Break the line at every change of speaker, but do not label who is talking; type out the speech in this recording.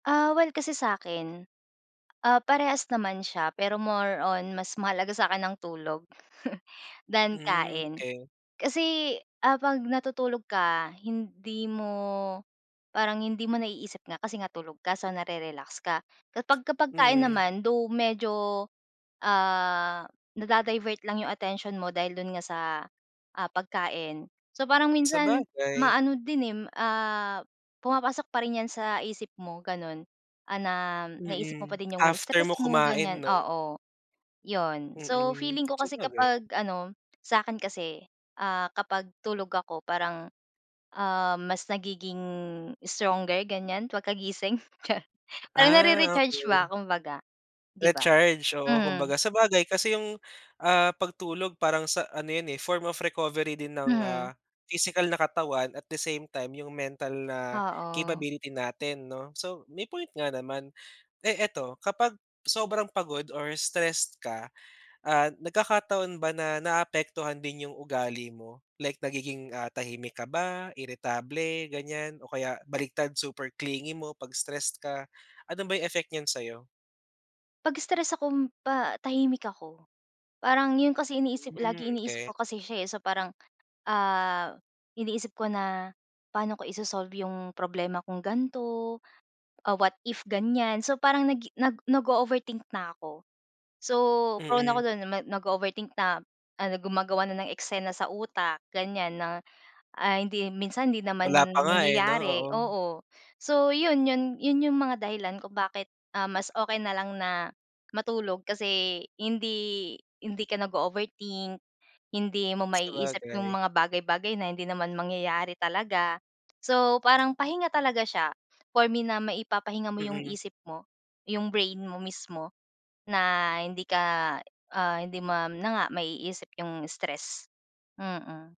Ah, well, kasi sakin, ah, parehas naman siya, pero more on mas mahalaga sa akin ang tulog than
Hmm,
kain,
okay.
kasi, ah, pag natutulog ka hindi mo parang hindi mo naiisip nga, kasi nga tulog ka so nare relax ka, kapagka pagkain
Mhm.
naman, though, medyo, ah, na-da-divert lang 'yong attention mo dahil do'n nga, sa, ah, pagkain, so, parang minsan
Sabagay.
maano din eh, ah, pumapasok pa rin 'yan sa isip mo ganun, ah, na naisip mo
Mm,
pa din 'yong
after mo
stress mo
kumain
ganyan,
'no?
oo, 'yon, so,
Mm.
feeling ko kasi
sabagay.
kapag ano, sa akin kasi, ah, kapag tulog ako parang, um, mas nagiging stronger ganyan pagkagising [unintelligible] parang
Ah,
na-re-recharge ba
okay.
kumbaga 'di ba?
Recharge, oo,
Mm.
kumbaga sabagay kasi, yung, ah, pagtulog parang sa ano 'yun, eh, form of recovery din, ng,
Mhm.
ah, physical na katawan at the same time yung mental na,
Oo.
capability natin 'no? So, may point nga naman, eh, eto kapag sobrang pagod or stressed ka, ah, nagkakataon ba, na naapektuhan din yung ugali mo? Like nagiging, ah, tahimik ka ba, irritable ganyan o kaya baligtad super clingy mo pag stressed ka, ano ba yung effect niyan sayo?
Pag-stress akong pa tahimik ako, parang 'yon kasi iniisip,
Hmm,
lagi iniisip
okay.
ko kasi siya, eh, so, parang, ah, iniisip ko na paano ko i-so-solve 'yong problema kong gan'to? Ah, what if ganyan? So, parang nagi, nag nag-o-overthink na ako. So, prone na ako
Mm.
do'n nag-o-overthink na ano gumagawa na ng eksena sa utak, ganyan na, ah, hindi minsan, hindi naman
Wala pa nga. eh, 'no,
nangyayari,
oo.
oo, so, 'yun,' yun, 'yun, yung mga dahilan kung bakit, ah, mas okay na lang na, matulog kasi, hindi hindi ka nag-o-overthink, hindi mo maiisip yung
Sabagay.
mga bagay-bagay na hindi naman mangyayari talaga, so, parang pahinga talaga siya, for me na maipapahinga mo yung
Mm.
isip mo, yung brain mo mismo, na, hindi ka, ah, hindi ma na nga, maiisip yung stress, mm.